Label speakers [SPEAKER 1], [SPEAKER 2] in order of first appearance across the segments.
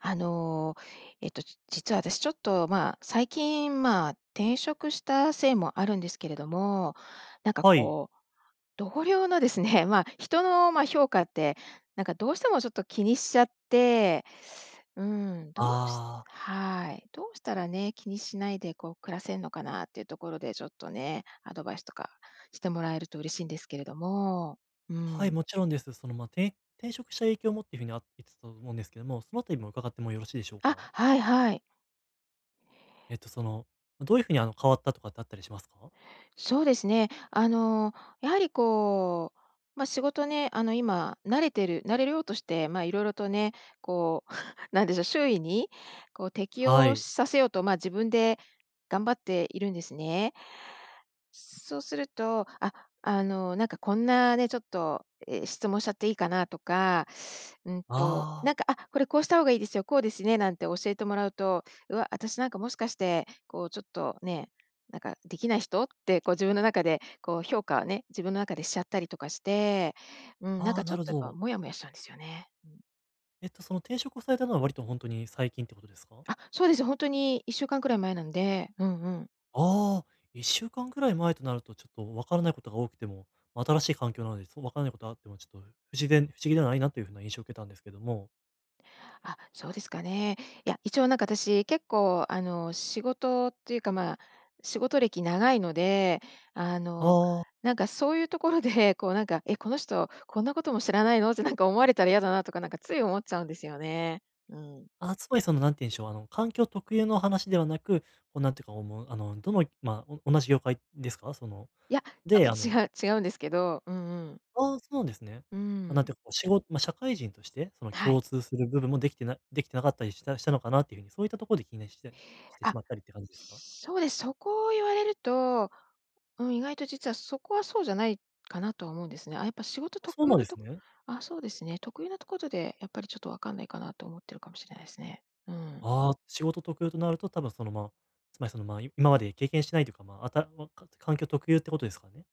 [SPEAKER 1] あのえっと、じ実は私ちょっとまあ最近まあ転職したせいもあるんですけれども、なんか
[SPEAKER 2] はい。
[SPEAKER 1] こう同僚のですね、まあ人のまあ評価ってなんかどうしてもちょっと気にしちゃって、うーん、どうし
[SPEAKER 2] ああ。
[SPEAKER 1] はい、どうしたらね、気にしないでこう暮らせんのかなっていうところでちょっとね、アドバイスとかしてもらえると嬉しいんですけれども、う
[SPEAKER 2] はい、
[SPEAKER 1] ん。
[SPEAKER 2] もちろんです。そのまあて転職した影響をもっていう風にあ言ってたと思うんですけども、そのあたりも伺ってもよろしいでしょう
[SPEAKER 1] あ、
[SPEAKER 2] か？
[SPEAKER 1] はいはい。
[SPEAKER 2] えっとその、どういうふうにあの変わったとかってあったりしますか？
[SPEAKER 1] そうですね。あのやはりこうまあ仕事ねあの今慣れてる慣れようとしてまあ色々とね、こう なんでしょう、周囲にこう適
[SPEAKER 2] は
[SPEAKER 1] 応
[SPEAKER 2] い。
[SPEAKER 1] させようとまあ自分で頑張っているんですね。そうすると、あ、あのなんかこんなね、ちょっと、え、質問しちゃっていいかなとか、うん
[SPEAKER 2] あ
[SPEAKER 1] となん
[SPEAKER 2] あ。
[SPEAKER 1] か、「あ、これこうした方がいいですよ」「こうですね」なんて教えてもらうと、うわ、私なんかもしかしてこうちょっとね、なんかできない人ってこう自分の中でこう評価をね、自分の中でしちゃったりとかして、うん、なん
[SPEAKER 2] あ
[SPEAKER 1] か
[SPEAKER 2] あ、
[SPEAKER 1] ちょ
[SPEAKER 2] な
[SPEAKER 1] っ
[SPEAKER 2] る
[SPEAKER 1] とやっ
[SPEAKER 2] ほ
[SPEAKER 1] ぱ
[SPEAKER 2] ど。
[SPEAKER 1] モヤモヤしたんですよね。うん。
[SPEAKER 2] えっとその転職をされたのは割とほんとに最近ってことですか？
[SPEAKER 1] あ、そうです。ほんとに、1週間くらい前なんで。うんうん。
[SPEAKER 2] ああ。1週間ぐらい前となるとちょっと分からないことが多くても、新しい環境なので、そ分からないことがあってもちょっと、自然不思議ではないなという風な印象を受けたんですけども。
[SPEAKER 1] あ、そうですかね。いや、一応なんか私、結構あの、仕事っていうか、ま、仕事歴長いので、あ
[SPEAKER 2] あ
[SPEAKER 1] の、
[SPEAKER 2] あ。
[SPEAKER 1] なんかそういうところで、こうなんか、「え、この人こんなことも知らないの」ってなんか思われたら嫌だな、とかなんかつい思っちゃうんですよね。うん。
[SPEAKER 2] あ、つまりその何て言うんでしょう、あの環境特有の話ではなく、こうなんていうか、おもう、あの、どのま、同じ業界ですか？その
[SPEAKER 1] いや、ちょっと
[SPEAKER 2] で、あの
[SPEAKER 1] 違う違うんですけど、うんうん。
[SPEAKER 2] ああ、そうなんですね。
[SPEAKER 1] うー
[SPEAKER 2] ま、なんて
[SPEAKER 1] ん。
[SPEAKER 2] いうかこう、しごま、社会人として、その
[SPEAKER 1] はい。
[SPEAKER 2] 共通する部分もできてなできてなかったりしたしたのかなっていう風に、そういったところで気にしたししてし
[SPEAKER 1] あ、
[SPEAKER 2] まったりって感じですか？
[SPEAKER 1] そうです。そこを言われると、うん、意外と実はそこはそうじゃない、かなとは思うんですね。あ、やっぱ仕事
[SPEAKER 2] あ、そう
[SPEAKER 1] 特有
[SPEAKER 2] なんで
[SPEAKER 1] の
[SPEAKER 2] す
[SPEAKER 1] と
[SPEAKER 2] ね。
[SPEAKER 1] あ、そうですね。特有なところでやっぱりちょっと分かんないかな、と思ってるかもしれないですね。うん。
[SPEAKER 2] ああ、仕事特有となると多分その、ま、つまりその、ま、今まで経験してないというかまあ、あたらわか環境特有ってことですかね？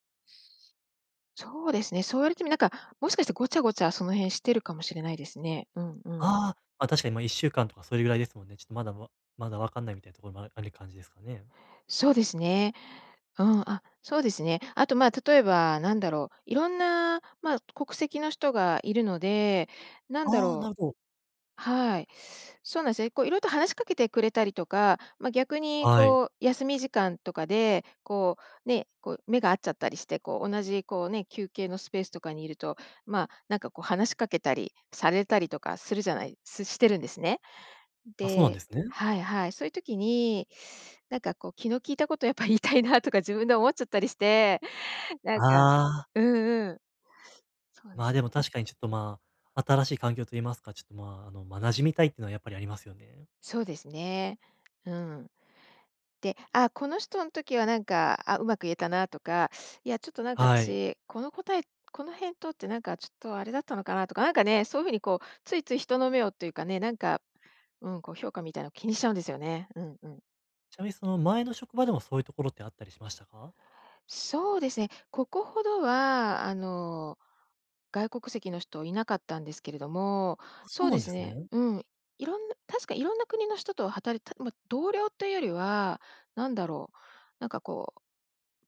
[SPEAKER 1] そうですね、そう言われてみなんか、もしかして、ごちゃごちゃその辺してるかもしれないですね。うんうん。
[SPEAKER 2] ああ、確かにま、1週間とかそれぐらいですもんね。ちょっとまだわまだ分かんないみたいなところもあるある感じですかね？
[SPEAKER 1] そうですね。うん、あ、そうですね。あと、ま、例えばなんだろう、いろんな、ま、国籍の人がいるので、なんだ
[SPEAKER 2] ああ、な
[SPEAKER 1] ろ
[SPEAKER 2] る
[SPEAKER 1] う。
[SPEAKER 2] ほど。
[SPEAKER 1] はい。そうなんすよ、え、こう色々と話しかけてくれたりとか、ま、逆に
[SPEAKER 2] はい。
[SPEAKER 1] こう休み時間とかで、こうね、こう目が合っちゃったりして、こう同じこうね、休憩のスペースとかにいると、ま、なんかこう話しかけたり、されたりとかするじゃないすしてるんですね。
[SPEAKER 2] あ、そうなん
[SPEAKER 1] で、
[SPEAKER 2] ですね。
[SPEAKER 1] はいはい。そういう時になんかこう気の利いた事、やっぱ言いたいなとか自分で思っちゃったりして、なんか
[SPEAKER 2] ああ。
[SPEAKER 1] うんうん。そうで
[SPEAKER 2] ま、
[SPEAKER 1] す
[SPEAKER 2] でも
[SPEAKER 1] ね。
[SPEAKER 2] 確かにちょっと、ま、新しい環境と言いますか、ちょっと、ま、あの、ま、馴染みたいっていうのはやっぱりありますよね。
[SPEAKER 1] そうですね、うん、で、あこの人ん時は、なんかあ、うまく言えたなとか、いやちょっと、なんか
[SPEAKER 2] はい。
[SPEAKER 1] 私この答えこの返答ってなんかちょっとあれだったのかなとか、なんかね、そういう風にこう、ついつい人の目をっていうかね、なんかうん、こう評価みたいな気にしちゃうんですよね。うんうん。
[SPEAKER 2] ちなみにその、前の職場でもそういうところってあったりしましたか？
[SPEAKER 1] そうですね。ここほどはあの、外国籍の人いなかったんですけれども
[SPEAKER 2] あ、そ
[SPEAKER 1] そ
[SPEAKER 2] う
[SPEAKER 1] う
[SPEAKER 2] な
[SPEAKER 1] で
[SPEAKER 2] んで
[SPEAKER 1] す
[SPEAKER 2] す
[SPEAKER 1] ね、
[SPEAKER 2] ね。
[SPEAKER 1] うん。いろん確かいろんな国の人と働いたま、同僚というよりは、なんだろうなんかこう、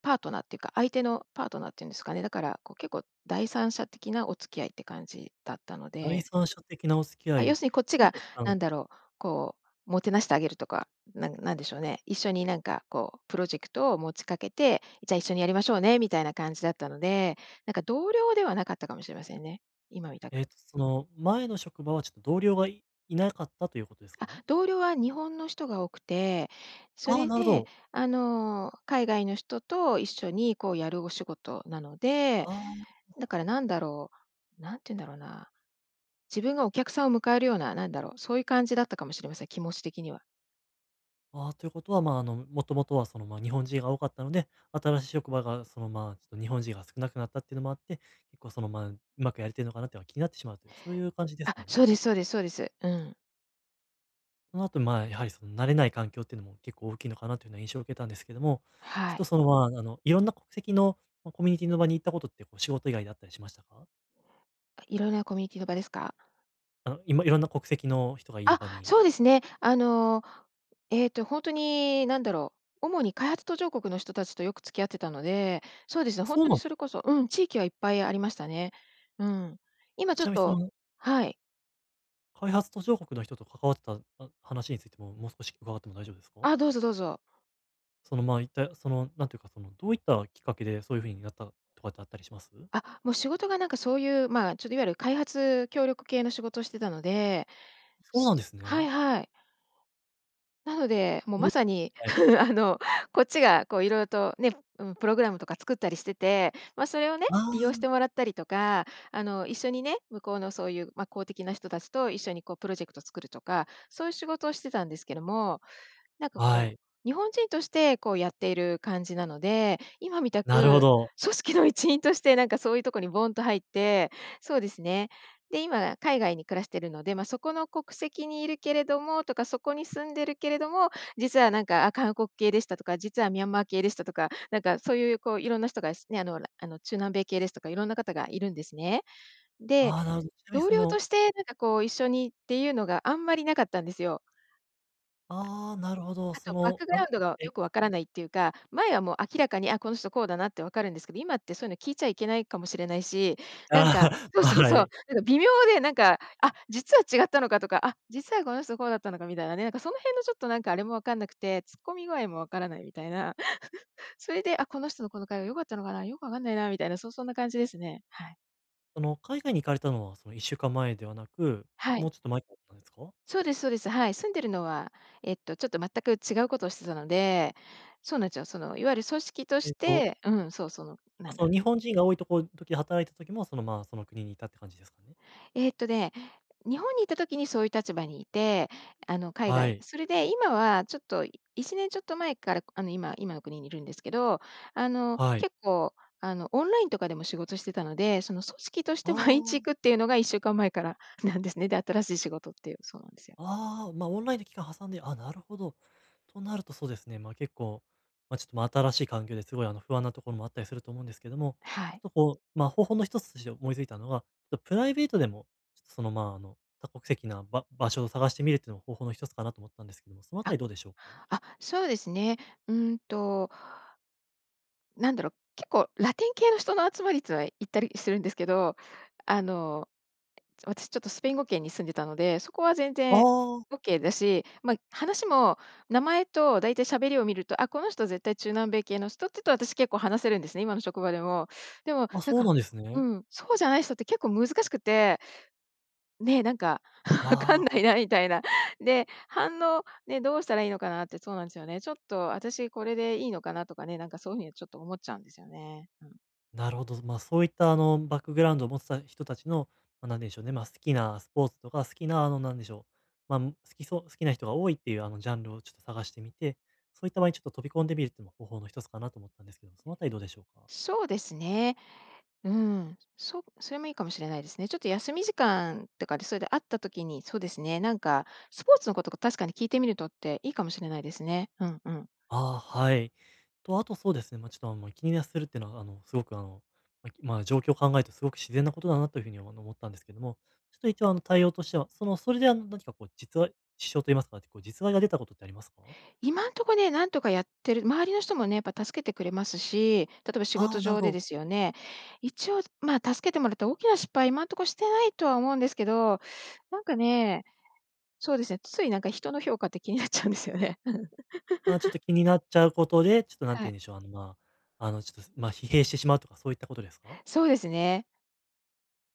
[SPEAKER 1] パートナーっていうか、相手の、パートナーっていうんですかね、だからこう、結構第三者的なお付き合いって感じだったの
[SPEAKER 2] 第
[SPEAKER 1] で
[SPEAKER 2] 三者的なお付き合
[SPEAKER 1] あ、要
[SPEAKER 2] い
[SPEAKER 1] するにこっち
[SPEAKER 2] どう
[SPEAKER 1] が
[SPEAKER 2] でした、あ
[SPEAKER 1] な
[SPEAKER 2] の
[SPEAKER 1] んだろう、こう、もてなしてあげるとか、なんなんでしょうね、一緒になんかこう、プロジェクトを持ちかけて、じゃあ一緒にやりましょうねみたいな感じだったので、なんか同僚ではなかったかもしれませんね、今みた
[SPEAKER 2] えっ
[SPEAKER 1] く。
[SPEAKER 2] とその、前の職場はちょっと同僚がいいなかったということですか
[SPEAKER 1] あ、
[SPEAKER 2] ね？
[SPEAKER 1] 同僚は日本の人が多くて、そ
[SPEAKER 2] ああ、
[SPEAKER 1] れ
[SPEAKER 2] なるほ
[SPEAKER 1] で、
[SPEAKER 2] ど。
[SPEAKER 1] あの、海外の人と一緒にこう、やるお仕事なので、
[SPEAKER 2] ああ、
[SPEAKER 1] だ
[SPEAKER 2] あ。
[SPEAKER 1] からなんだろう、何て言うんだろうな、自分がお客さんを迎えるような、なんだろう、そういう感じだったかもしれません、気持ち的には。
[SPEAKER 2] ああ、ということはまあ、あの、もともとはその、ま、日本人が多かったので、新しい職場がその、まあ、日本人が少なくなったっていうのもあって、結構そのま、うまくやれてるのかなっていうのが気になってしまうという、そういう感じです
[SPEAKER 1] あ、
[SPEAKER 2] かね？
[SPEAKER 1] そうですそうですそうです。うん。
[SPEAKER 2] その後、まあ、やはり、その、慣れない環境っていうのも結構大きいのかなというような印象を受けたんですけども、ちょ
[SPEAKER 1] は
[SPEAKER 2] っと、
[SPEAKER 1] い。
[SPEAKER 2] その、まあ、あの、いろんな国籍のココミュニティの場に行ったことって、こう、仕事以外であったりしましたか？
[SPEAKER 1] あ、いろんなコミュニティの場ですか？
[SPEAKER 2] あ、いまいろんな国籍の人がいる
[SPEAKER 1] あ、
[SPEAKER 2] 場に。
[SPEAKER 1] そうですね。あの、えっと、ほんとに、何だろう、主に開発途上国の人たちとよく付き合ってたので、そうですね、
[SPEAKER 2] あ、
[SPEAKER 1] ほん
[SPEAKER 2] そう
[SPEAKER 1] と
[SPEAKER 2] な
[SPEAKER 1] に
[SPEAKER 2] ん。
[SPEAKER 1] それこそうん、地域はいっぱいありましたね。うん。今、ちょ
[SPEAKER 2] ち
[SPEAKER 1] っ
[SPEAKER 2] なみに、そ
[SPEAKER 1] と
[SPEAKER 2] の。
[SPEAKER 1] はい。
[SPEAKER 2] 開発途上国の人と関わってた、あ、話についても、もう少し伺っても大丈夫ですか？
[SPEAKER 1] あ、どうぞどうぞ。
[SPEAKER 2] その、まあ、いったその、なんていうか、その、どういったきっかけでそういう風になったとかってあったりします？
[SPEAKER 1] あ、もう、仕事が、なんか、そういう、ま、ちょっと、いわゆる開発協力系の仕事をしてたので。
[SPEAKER 2] そうなんです
[SPEAKER 1] はい
[SPEAKER 2] ね。
[SPEAKER 1] はい。なので、もう、ま
[SPEAKER 2] [unintelligible]
[SPEAKER 1] さに、
[SPEAKER 2] はい。
[SPEAKER 1] あの、こっちが、こう、いろいろとね、うん、プログラムとか作ったりしてて、ま、それをね、
[SPEAKER 2] あ
[SPEAKER 1] 利用し
[SPEAKER 2] あ。
[SPEAKER 1] てもらったりとか、あの、一緒にね、向こうのそういう、ま、公的な人たちと一緒に、こう、プロジェクト作るとか、そういう仕事をしてたんですけども、なんか、
[SPEAKER 2] は
[SPEAKER 1] こう、
[SPEAKER 2] い。
[SPEAKER 1] 日本人として、こう、やっている感じなので、今みた
[SPEAKER 2] なるほ
[SPEAKER 1] く
[SPEAKER 2] ど。
[SPEAKER 1] 組織の一員として、なんか、そういうとこにボンと入ってそうですね。で、今海外に暮らしているので、ま、そこの国籍にいるけれどもとか、そこに住んでるけれども、実は、なんか、あ、韓国系でしたとか、実はミャンマー系でしたとか、なんか、そういう、こう、いろんな人が、し、ね、あのあの、中南米系ですとかいろんな方がいるんですね。で、
[SPEAKER 2] ああ、なるほど。ちなみに、
[SPEAKER 1] 同
[SPEAKER 2] そ
[SPEAKER 1] 僚と
[SPEAKER 2] の
[SPEAKER 1] して、なんか、こう、一緒にっていうのがあんまりなかったんですよ。
[SPEAKER 2] ああ、なるほど。
[SPEAKER 1] あ
[SPEAKER 2] そ
[SPEAKER 1] とバッ
[SPEAKER 2] の、
[SPEAKER 1] クグ
[SPEAKER 2] あ、
[SPEAKER 1] ラウンドが
[SPEAKER 2] え
[SPEAKER 1] よくわからないっていうか、前は、もう、明らかに、あ、この人、こうだなって分かるんですけど、今ってそういうの聞いちゃいけないかもしれないし、
[SPEAKER 2] あ、
[SPEAKER 1] なんか そう
[SPEAKER 2] あ、
[SPEAKER 1] そう
[SPEAKER 2] は
[SPEAKER 1] そう、
[SPEAKER 2] い。
[SPEAKER 1] なんか、微妙で、なんか、あ、実は違ったのかとか、あ、実はこの人、こうだったのかみたいなね、なんか、その辺の、ちょっと、なんか、あれもわかんなくて、突っ込み具合もわからないみたいな。それで、あ、この人のこの会話良かったのかな、よくわかんないなみたいな、そう、そんな感じですね。はい。
[SPEAKER 2] あの海外に行かれたのはその1週間前ではなく、
[SPEAKER 1] は
[SPEAKER 2] も
[SPEAKER 1] い。
[SPEAKER 2] うちょっと前からなんですか？
[SPEAKER 1] そうですそうです。はい、住んでるのはえっとちょっと全く違うことをしてたので、そうなんですよ。そのいわゆる組織と
[SPEAKER 2] えっ
[SPEAKER 1] し
[SPEAKER 2] と。
[SPEAKER 1] てうん。そう、その
[SPEAKER 2] ま
[SPEAKER 1] な
[SPEAKER 2] あ、
[SPEAKER 1] ん
[SPEAKER 2] その
[SPEAKER 1] だ。
[SPEAKER 2] 日本人が多いところ時働いた時もそのまあその国にいたって感じですかね。
[SPEAKER 1] えっとね、日本にいた時にそういう立場にいて、あの海
[SPEAKER 2] は
[SPEAKER 1] 外
[SPEAKER 2] い。
[SPEAKER 1] それで今はちょっと1年ちょっと前からあの今今の国にいるんですけど、あの
[SPEAKER 2] はい。
[SPEAKER 1] 結構あのオンラインとかでも仕事してたので、その組織として毎日
[SPEAKER 2] あ
[SPEAKER 1] 行
[SPEAKER 2] あ。
[SPEAKER 1] くっていうのが1週間前からなんですね。で、新しい仕事っていう。そうなんですよ。
[SPEAKER 2] ああ、ま、オンラインで期間挟んで、あ、なるほど。となるとそうですね。まあ、結構、まあ、ちょっと新しい環境ですごいあの不安なところもあったりすると思うんですけども、
[SPEAKER 1] は
[SPEAKER 2] ちょ
[SPEAKER 1] い。
[SPEAKER 2] っとこう、まあ、方法の1つとして思いついたのが、とプライベートでもちょっとその、まあ、あの多国籍な、ば場所を探してみるっていうのも方法の1つかなと思ったんですけども、そのあた
[SPEAKER 1] あ、
[SPEAKER 2] りどうでしょうか？
[SPEAKER 1] あ、そうですね。うんと。なんだろう、結構ラテン系の人の集まりっつうのは行ったりするんですけど、あの私ちょっとスペイン語圏に住んでたので、そこは全
[SPEAKER 2] あ
[SPEAKER 1] 然
[SPEAKER 2] あ。
[SPEAKER 1] オッケーだし、まあ、話も名前とだいたいしゃべりを見ると、あ、この人絶対中南米系の人っていうと私結構話せるんですね。今の職場でも。でも
[SPEAKER 2] あ、
[SPEAKER 1] なん
[SPEAKER 2] そう
[SPEAKER 1] か、
[SPEAKER 2] なんです
[SPEAKER 1] う
[SPEAKER 2] ね。
[SPEAKER 1] ん、そうじゃない人って結構難しくて。ね、なんか、わかん
[SPEAKER 2] あ
[SPEAKER 1] な
[SPEAKER 2] あ。
[SPEAKER 1] いなみたいな。で、反応、ね、どうしたらいいのかなって、そうなんですよね。ちょっと私これでいいのかなとかね、なんかそういう風にちょっと思っちゃうんですよね。うん。
[SPEAKER 2] なるほど。ずまあ、そういったあのバックグラウンドを持ってた人達のなんて言うんでしょうね、ま、好きなスポーツとか、好きなあのなんでしょう、ま、好きそう好きな人が多いっていう、あのジャンルをちょっと探してみて、そういった場合にちょっと飛び込んでみるっていうのも、方法の一つかなと思ったんですけど、そのあたりどうでしょうか？
[SPEAKER 1] そうですね。うん、そそれもいいかもしれないですね。ちょっと休み時間とかで、それで会った時に、そうですね、なんかスポーツの事とか確かに聞いてみるとっていいかもしれないですね。うんうん。
[SPEAKER 2] あ、はい。と、あとそうですね、ま、ちょっとあの気にするっていうのは、あのすごくあのま、状況を考えるとすごく自然な事だなという風にあの思ったんですけども、ちょっと一応あの対応としては、そのそれであの何かこう、実は支障と言いますか、こう実害が出たことってありますか？
[SPEAKER 1] 今んとこね、なんとかやってる、周りの人もね、やっぱ助けてくれますし、例えば仕
[SPEAKER 2] あ
[SPEAKER 1] 事
[SPEAKER 2] あ、なる
[SPEAKER 1] 上
[SPEAKER 2] ほ
[SPEAKER 1] で
[SPEAKER 2] ど。
[SPEAKER 1] ですよね、一応ま、助けてもらった大きな失敗今んとこしてないとは思うんですけど、なんかね、そうですね、ついなんか人の評価って気になっちゃうんですよね。
[SPEAKER 2] まあ、ちょっと 気になっちゃうことで、ちょっと何て
[SPEAKER 1] は
[SPEAKER 2] 言
[SPEAKER 1] い。
[SPEAKER 2] うんでしょう、あのまあ、あのちょっとま、疲弊してしまうとかそういったことですか？
[SPEAKER 1] そうですね。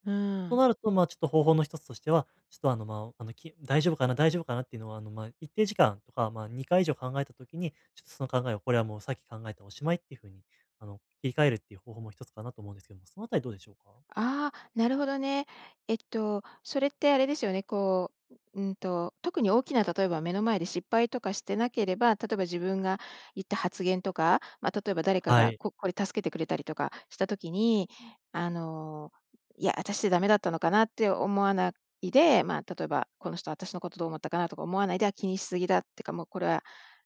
[SPEAKER 1] う
[SPEAKER 2] と
[SPEAKER 1] ん。
[SPEAKER 2] なるとまあ、ちょっと方法の一つとしては、ちょっとあのま、あのき大丈夫かな、大丈夫かなっていうのは、あのま、一定時間、ま、ま2回以上考えた時に、ちょっとその考えを、これはもうさっき考えたお終いっていう風に、あの、切り替えるっていう方法も一つかなと思うんですけども、そのあたりどうでしょうか？
[SPEAKER 1] あ、なるほどね。えっとそれってあれですよね。こう、ううんと、特に大きな、例えば目の前で失敗とかしてなければ、例えば自分が言った発言とか、ま、例えば誰か
[SPEAKER 2] は
[SPEAKER 1] が
[SPEAKER 2] い。
[SPEAKER 1] ここれ助けてくれたりとかした時に、あのいや私ってダメだったのかな、って思わないで、ま、例えばこの人私の事どう思ったかな、とか思わないで、あ、気にしすぎだってか、もうこれは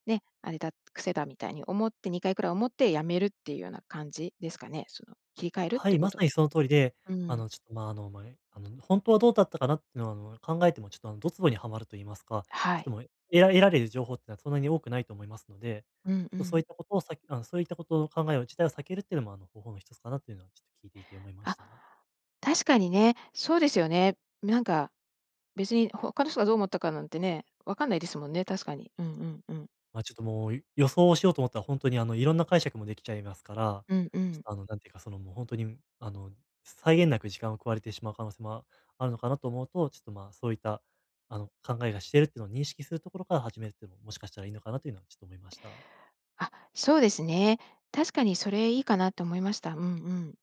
[SPEAKER 1] ね、あれだ、癖だみたいに思って、2回くらい思って止めるっていうような感じですかね。その切り替えるっ
[SPEAKER 2] は
[SPEAKER 1] ていう
[SPEAKER 2] い、
[SPEAKER 1] こ
[SPEAKER 2] ま
[SPEAKER 1] と。
[SPEAKER 2] さにその通りで、
[SPEAKER 1] う
[SPEAKER 2] あ
[SPEAKER 1] ん。
[SPEAKER 2] のちょっとま、あのまあのほんとはどうだったかなっていうのは、あの考えてもちょっとあのどツボにはまると言いますか、
[SPEAKER 1] は
[SPEAKER 2] ちょっ
[SPEAKER 1] い。
[SPEAKER 2] ともうえら得られる情報っていうのは、そんなに多くないと思いますので、
[SPEAKER 1] うん
[SPEAKER 2] ちょ
[SPEAKER 1] う
[SPEAKER 2] っとそうい
[SPEAKER 1] ん。
[SPEAKER 2] った事をさあのそういった事を、考え自体を避けるっていうのもあの方法の一つかなというのは、ちょっと聞いていて思いまし
[SPEAKER 1] あ、
[SPEAKER 2] た。
[SPEAKER 1] 確かにね、そうですよね。なんか別に他の人がどう思ったかなんてね、わかんないですもんね、確かに。うんうんうん。
[SPEAKER 2] ま、ちょっともう、ゆ予想をしようと思ったら、ほんとにあのいろんな解釈もできちゃいますから、
[SPEAKER 1] うんう
[SPEAKER 2] ちょっ
[SPEAKER 1] ん。
[SPEAKER 2] とあのなんていうか、そのもうほんとにんあの際限なく時間を食われてしまう可能性もああるのかなと思うと、ちょっとま、そういったあの考えがしてるっていうのを認識するところから始めるっていうのも、もしかしたらいいのかなというのは、ちょっと思いました。
[SPEAKER 1] あ、そうですね。確かにそれいいかなと思いました。うんうん。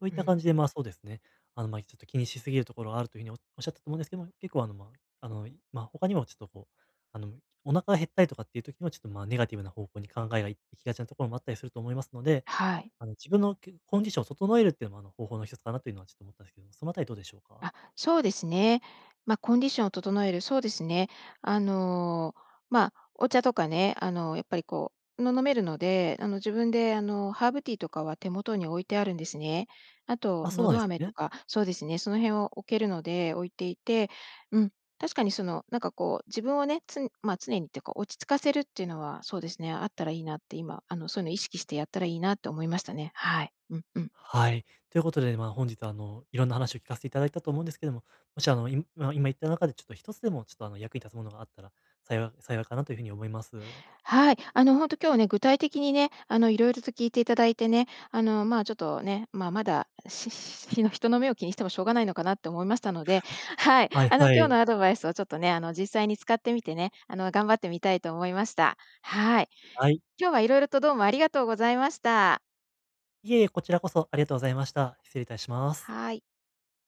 [SPEAKER 2] そういっ
[SPEAKER 1] う
[SPEAKER 2] た感
[SPEAKER 1] ん。
[SPEAKER 2] じでまあそうですね。あのまちょっと気にしすぎるところがあるという風におおっしゃったと思うんですけども、結構あのまああの、まあ、他にもちょっとこう、あの、お腹が減ったりとかっていう時にはちょっとまあネガティブな方向に考えがい行きがちなところもあったりすると思いますので、
[SPEAKER 1] はい。
[SPEAKER 2] あの自分のけコンディションを整えるっていうのもあの、方法の一つかなというのはちょっと思ったんですけど、その辺りどうでしょうか？
[SPEAKER 1] あ、そうですね。ま、コンディションを整える。そうですね。あの、まあ、お茶とかね、あの、やっぱりこうの飲めるので、あの自分であの、ハーブティーとかは手元に置いてあるんですね。あと
[SPEAKER 2] あ、そう
[SPEAKER 1] の
[SPEAKER 2] なんで
[SPEAKER 1] ど
[SPEAKER 2] す
[SPEAKER 1] 飴と
[SPEAKER 2] ね。
[SPEAKER 1] かそうですね、その辺を置けるので置いていて、うん、確かにそのなんかこう自分をね、つんま、常にっていうか落ち着かせるっていうのはそうですね、あったらいいなって今、あの、そういうの意識してやったらいいなと思いましたね。はい。うんうん。
[SPEAKER 2] はい。ということでまあ本日はあの、いろんな話を聞かせて頂いたと思うんですけども、もしあの、いむあ、今言った中でちょっと一つでもちょっとあの役に立つものがあったら幸い幸いかなという風に思います。
[SPEAKER 1] はい、あのほんと今日はね、具体的にね、あの色々と聞いていただいてね、あの、まあちょっとね、まあまだ、ししひの人の目を気にしてもしょうがないのかなって思いましたので、はい、
[SPEAKER 2] はい
[SPEAKER 1] あの
[SPEAKER 2] は
[SPEAKER 1] 今日
[SPEAKER 2] い。
[SPEAKER 1] のアドバイスをちょっとね、あの実際に使ってみてね、あの頑張ってみたいと思いました。はい。
[SPEAKER 2] はい。
[SPEAKER 1] 今日は色々とどうもありがとうございました。
[SPEAKER 2] いえいえ、こちらこそありがとうございました。失礼いたします。
[SPEAKER 1] はい。